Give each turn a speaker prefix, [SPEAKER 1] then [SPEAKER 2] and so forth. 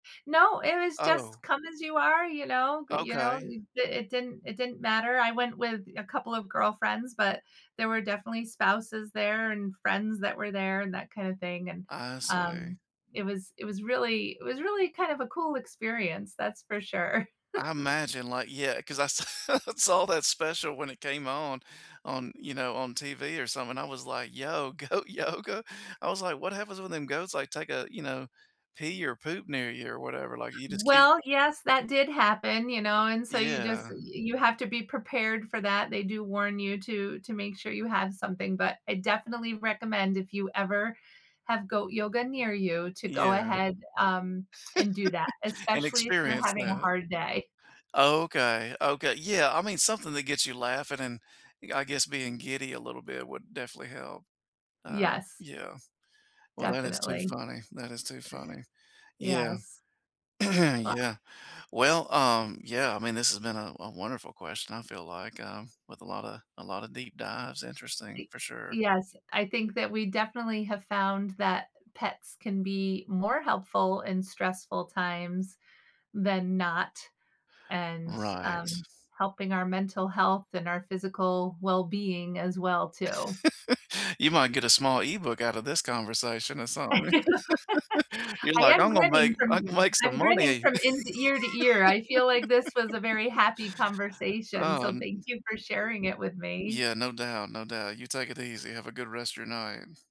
[SPEAKER 1] No, it was just
[SPEAKER 2] Oh.
[SPEAKER 1] "come as you are," you know? G you know,
[SPEAKER 2] Okay.
[SPEAKER 1] th it didn't it didn't matter, I went with a couple of girlfriends, but there were definitely spouses there, and friends that were there, and that kinda thing, and,
[SPEAKER 2] I see.
[SPEAKER 1] um, it was it was really it was really kind of a cool experience, that's for sure.
[SPEAKER 2] I imagine, like yeah, 'cause I sa saw that special when it came on on you know, on TV or something. I was like, "Yo, goat. Yo, go" I was like, "What happens when them goats, like, take a you know, pee or poop near you or whatever?" Like, you just keep
[SPEAKER 1] Well, yes, that did happen, you know, and so you just
[SPEAKER 2] Yeah.
[SPEAKER 1] uh, you have to be prepared for that, they do warn you to to make sure you have something, but I definitely recommend if you ever have Goat Yoga near you, to go
[SPEAKER 2] Yeah.
[SPEAKER 1] ahead, um, and do that,
[SPEAKER 2] And
[SPEAKER 1] especially if you're
[SPEAKER 2] experience
[SPEAKER 1] having a
[SPEAKER 2] that.
[SPEAKER 1] hard day.
[SPEAKER 2] Okay, okay yeah, I mean, something that gets you laughing and, eh, I guess, being giddy a little bit would definitely help. Uh,
[SPEAKER 1] Yes.
[SPEAKER 2] yeah. Well, that is too
[SPEAKER 1] Definitely.
[SPEAKER 2] funny, that is too funny. Yeah.
[SPEAKER 1] Yes. W
[SPEAKER 2] Yeah. Well, um yeah, I mean, this's been a a wonderful question, I feel like, um, with a lotta a lotta deep dives. Interesting,
[SPEAKER 1] Y
[SPEAKER 2] for sure.
[SPEAKER 1] yes, I think that we definitely have found that pets can be more helpful in stressful times than not, and,
[SPEAKER 2] Right.
[SPEAKER 1] um, helping our mental health and our physical well-being as well, too.
[SPEAKER 2] You might get a small e-book outta this conversation or
[SPEAKER 1] I
[SPEAKER 2] something. You're like,
[SPEAKER 1] am
[SPEAKER 2] "I'm gonna
[SPEAKER 1] grinning
[SPEAKER 2] make I
[SPEAKER 1] from
[SPEAKER 2] can make some
[SPEAKER 1] I'm grinning
[SPEAKER 2] money."
[SPEAKER 1] from in ear to ear. I feel like this was a very happy conversation,
[SPEAKER 2] Oh
[SPEAKER 1] so thank
[SPEAKER 2] n
[SPEAKER 1] you for sharing it with me.
[SPEAKER 2] Yeah, no doubt, no doubt. You take it easy. Have a good rest of your night.